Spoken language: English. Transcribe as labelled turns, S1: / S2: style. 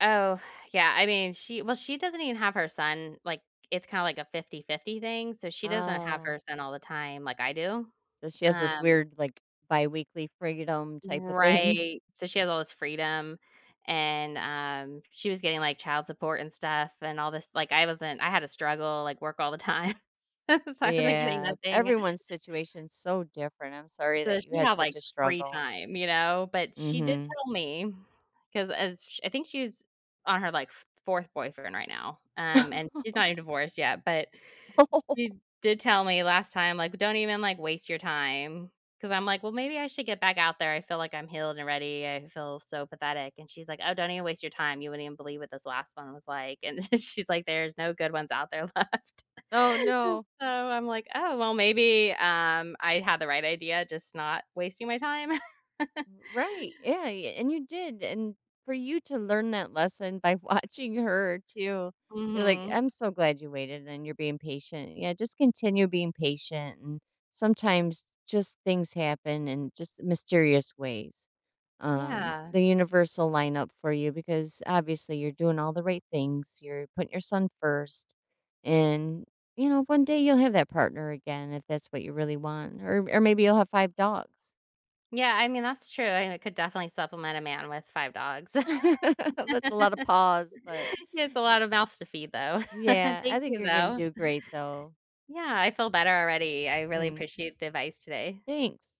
S1: Oh, yeah. I mean, she Well, she doesn't even have her son like, it's kinda like a fifty-fifty thing, so she doesn't have
S2: Oh.
S1: her son all the time like I do.
S2: So, she has this
S1: Um
S2: weird, like, biweekly freedom type of thing.
S1: Right. So, she has all this freedom, and, um, she was getting, like, child support and stuff and all this like, I wasn't I had to struggle, like, work all the time, so I wasn't getting
S2: Yeah.
S1: nothing.
S2: Everyone's situation's so different, I'm sorry
S1: So,
S2: that you
S1: she
S2: had
S1: had, like,
S2: such a
S1: free
S2: struggle.
S1: time, you know? But she did
S2: Mhm.
S1: tell me 'cause as sh I think she's on her, like, f fourth boyfriend right now, um, and she's not even divorced yet, but she did tell me last time, like, "W don't even, like, waste your time," 'cause I'm like, "Well, maybe I should get back out there. I feel like I'm healed already. I feel so pathetic." And she's like, "Oh, don't even waste your time. You wouldn't even believe what this last one was like." And then she's like, "There's no good ones out there left."
S2: Oh, no.
S1: So, I'm like, "Oh, well, maybe, um, I had the right idea, just not wasting my time."
S2: R right. Yeah, y and you did, and for you to learn that lesson by watching her too, you're like
S1: Mhm.
S2: I'm so glad you waited and you're being patient. Yeah, just continue being patient and sometimes, just things happen in just mysterious ways. Um,
S1: Yeah.
S2: the universe'll lineup for you, because, obviously, you're doing all the right things, you're putting your son first, and, you know, one day you'll have that partner again, if that's what you really want, or or maybe you'll have 5 dogs.
S1: Yeah, I mean, that's true. I I could definitely supplement a man with 5 dogs.
S2: That's a lot of paws, but,
S1: Yeah, it's a
S2: y
S1: lot of mouths to feed though.
S2: Yeah, I
S1: Thank
S2: think
S1: you
S2: you're gonna
S1: though.
S2: do great though.
S1: Yeah, I feel better already. I really
S2: Mm.
S1: appreciate the advice today.
S2: Thanks.